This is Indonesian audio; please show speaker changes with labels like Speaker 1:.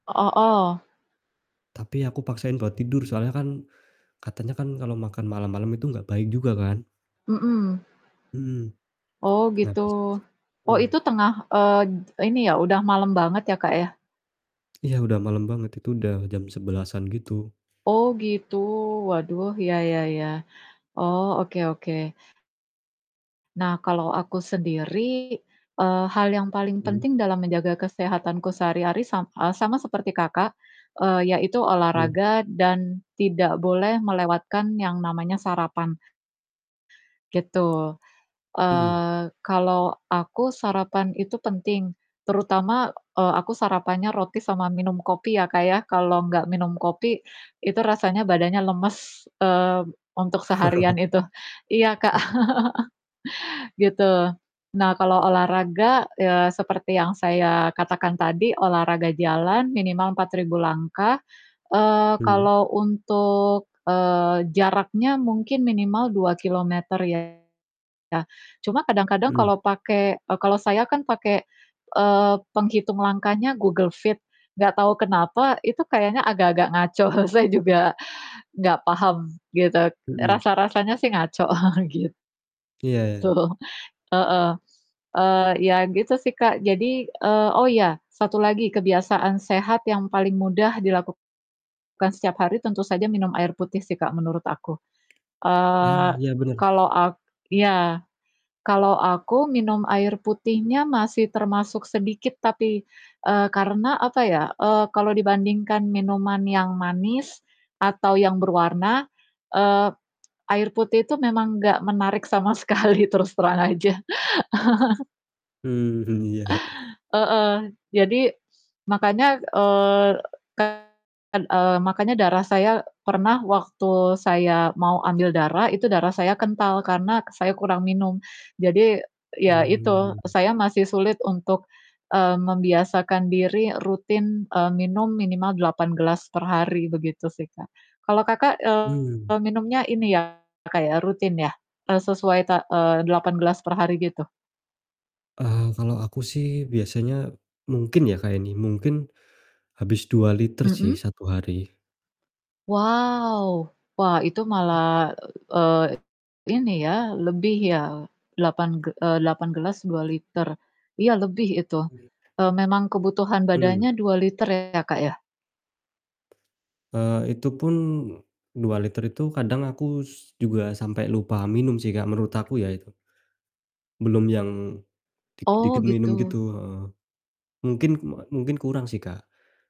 Speaker 1: Oh oh.
Speaker 2: Tapi aku paksain buat tidur soalnya kan katanya kan kalo makan malam-malam itu gak baik juga kan?
Speaker 1: Mhm.
Speaker 2: Mhm.
Speaker 1: Oh,
Speaker 2: Nah,
Speaker 1: gitu.
Speaker 2: terus terus
Speaker 1: Oh itu
Speaker 2: mhm.
Speaker 1: tengah eee, ini ya udah malem banget ya, Kak, ya?
Speaker 2: Iya udah malem banget itu udah jam 11.00-an gitu.
Speaker 1: Oh gitu. Waduh, ya ya ya. Oh, oke oke. Nah kalau aku sendiri, eee, hal yang paling
Speaker 2: Mhm.
Speaker 1: penting dalam menjaga kesehatanku sehari-hari sam eee, sama seperti Kakak, eee, yaitu
Speaker 2: Mhm.
Speaker 1: olahraga dan tidak boleh melewatkan yang namanya sarapan. Gitu,
Speaker 2: Mhm.
Speaker 1: eee, kalo aku sarapan itu penting, terutama, eee, aku sarapannya roti sama minum kopi ya, Kak, ya. Kalau gak minum kopi, itu rasanya badannya lemes, eee, untuk seharian itu, iya, Kak. Gitu. Nah kalau olahraga, eee, seperti yang saya katakan tadi olahraga jalan minimal 4000 langkah, eee,
Speaker 2: Hmm.
Speaker 1: kalau untuk, eee, jaraknya mungkin minimal 2 kilometer ya. Cuma kadang-kadang
Speaker 2: Mhm.
Speaker 1: kalau pake eee, kalau saya kan pakai, eee, penghitung langkahnya Google Fit. Nggak tahu kenapa itu kayaknya agak-agak ngaco. Saya juga nggak paham gitu.
Speaker 2: Mhm.
Speaker 1: Rasa-rasanya sih ngaco. Gitu.
Speaker 2: Iya iya.
Speaker 1: Heeh, eee, ya gitu sih, Kak. Jadi eee, oh, iya satu lagi kebiasaan sehat yang paling mudah dilakukan setiap hari tentu saja minum air putih sih, Kak, menurut aku.
Speaker 2: Nah
Speaker 1: Eee,
Speaker 2: iya bener.
Speaker 1: kalau ak iya, kalau aku minum air putihnya masih termasuk sedikit tapi, eee, karena apa ya, eee, kalau dibandingkan minuman yang manis atau yang berwarna, eee, air putih itu memang gak menarik sama sekali, terus terang aja.
Speaker 2: Mhm, iya.
Speaker 1: Heeh, jadi makanya, eee, kan, eee, makanya darah saya pernah waktu saya mau ambil darah itu darah saya kental karena saya kurang minum. Jadi ya itu
Speaker 2: Hmm.
Speaker 1: saya masih sulit untuk, eee, membiasakan diri rutin, eee, minum minimal 8 gelas per hari begitu sih, Kak. Kalau, Kakak,
Speaker 2: Hmm.
Speaker 1: eee, minumnya ini ya, Kak, ya, rutin ya? Eee, sesuai, ta eee, 8 gelas per hari gitu?
Speaker 2: Eee, kalau aku sih biasanya mungkin ya, Kak, ini, mungkin habis 2 liter sih,
Speaker 1: Mhm.
Speaker 2: 1 hari.
Speaker 1: Wow! Wah itu
Speaker 2: Tapi
Speaker 1: malah, eee, ini ya, lebih ya, lapan ge eee, 8 gelas 2 liter. Iya, lebih itu,
Speaker 2: Ue
Speaker 1: eee, memang kebutuhan
Speaker 2: Mmm.
Speaker 1: badannya 2 liter ya, Kak, ya?
Speaker 2: Eee, itupun 2 liter itu kadang aku juga sampai lupa minum sih, Kak, menurut aku ya itu, belum yang
Speaker 1: Oh
Speaker 2: dikit-dikit minum gitu,
Speaker 1: gitu.
Speaker 2: heeh, mungkin, kum eee, mungkih kurang sih, Kak.